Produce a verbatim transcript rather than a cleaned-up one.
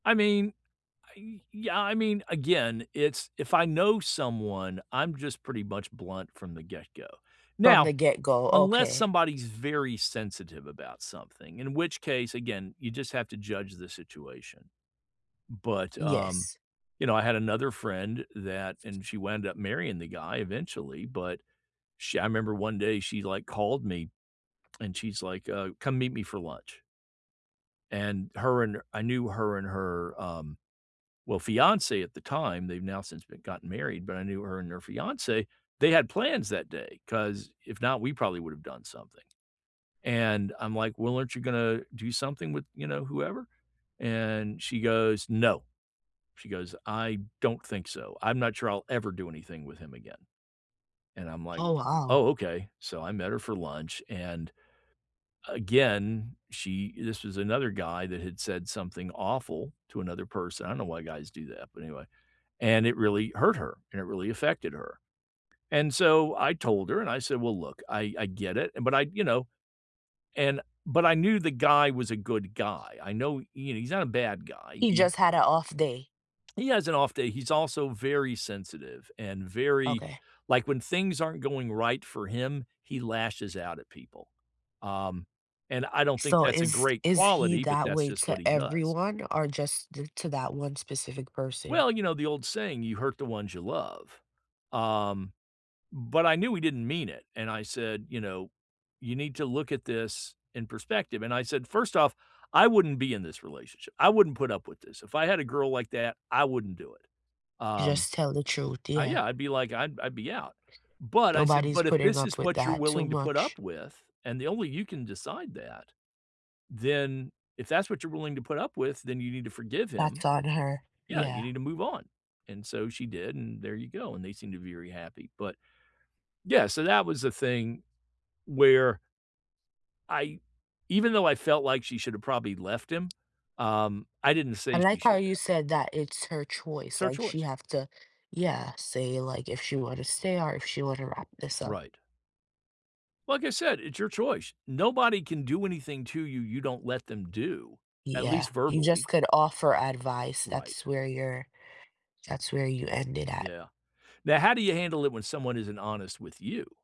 I mean, I yeah, I mean, again, it's, if I know someone, I'm just pretty much blunt from the get-go. From Now, the get-go, unless okay. somebody's very sensitive about something, in which case, again, you just have to judge the situation. But, um, Yes. you know, I had another friend that and she wound up marrying the guy eventually, but sh I remember one day she like called me and she's like, uh, "Come meet me for lunch" and her and I knew her and her, um, well, fiancé at the time, they've now since been gotten married, but I knew her and her fiancé, they had plans that day 'cause if not, we probably would have done something. And I'm like, "Well, aren't you gonna do something with, you know, whoever?" And she goes, "No," she goes, "I don't think so, I'm not sure I'll ever do anything with him again." And I'm like, Oh wow. "Oh, ok," so I met her for lunch and again, she this was another guy that had said something awful to another person- I don't know why guys do that, but anyway- and it really hurt her, and it really affected her, and so, I told her, and I said, "Well, look, I I get it," and, but I, you know, and, but I knew the guy was a good guy, I know, you know, he's not a bad guy, He he just had a off day. He has an off day, he's also very sensitive and very Okay. like, when things aren't going right for him, he lashes out at people, um, and I don't think So that's a is great is he quality, but that that's way just what to he does. everyone or just d to that one specific person? Well, you know, the old saying, "You hurt the ones you love," um, but I knew he didn't mean it, and I said, you know, "You need to look at this in perspective," and I said, "First off, I wouldn't be in this relationship, I wouldn't put up with this, if I had a girl like that, I wouldn't do it," You um just tell the truth, Uh, yeah. yeah, I'd be like, "I'd I'd be out," but I said, Nobody's but if putting this is up with what you're that too willing to put much. up with, and the only you can decide that. Then, if that's what you're willing to put up with, then you need to forgive him. That's on her, Yeah, you yeah. need to move on, and so she did, and there you go, and they seem to be very happy, but, yeah, so that was the thing where I even though I felt like she should have probably left him, um, I didn't I say she like how should you have. said that it's her It's choice, her like she choice. have to Yeah, say it like if she wanna stay or if she wanna wrap this up. Right. Like I said, it's your choice. Nobody can do anything to you, you don't let them do, at Yeah, least you just verbally. could offer advice, Right. that's where you're that's where you end it at. Yeah. Now, how do you handle it when someone isn't honest with you?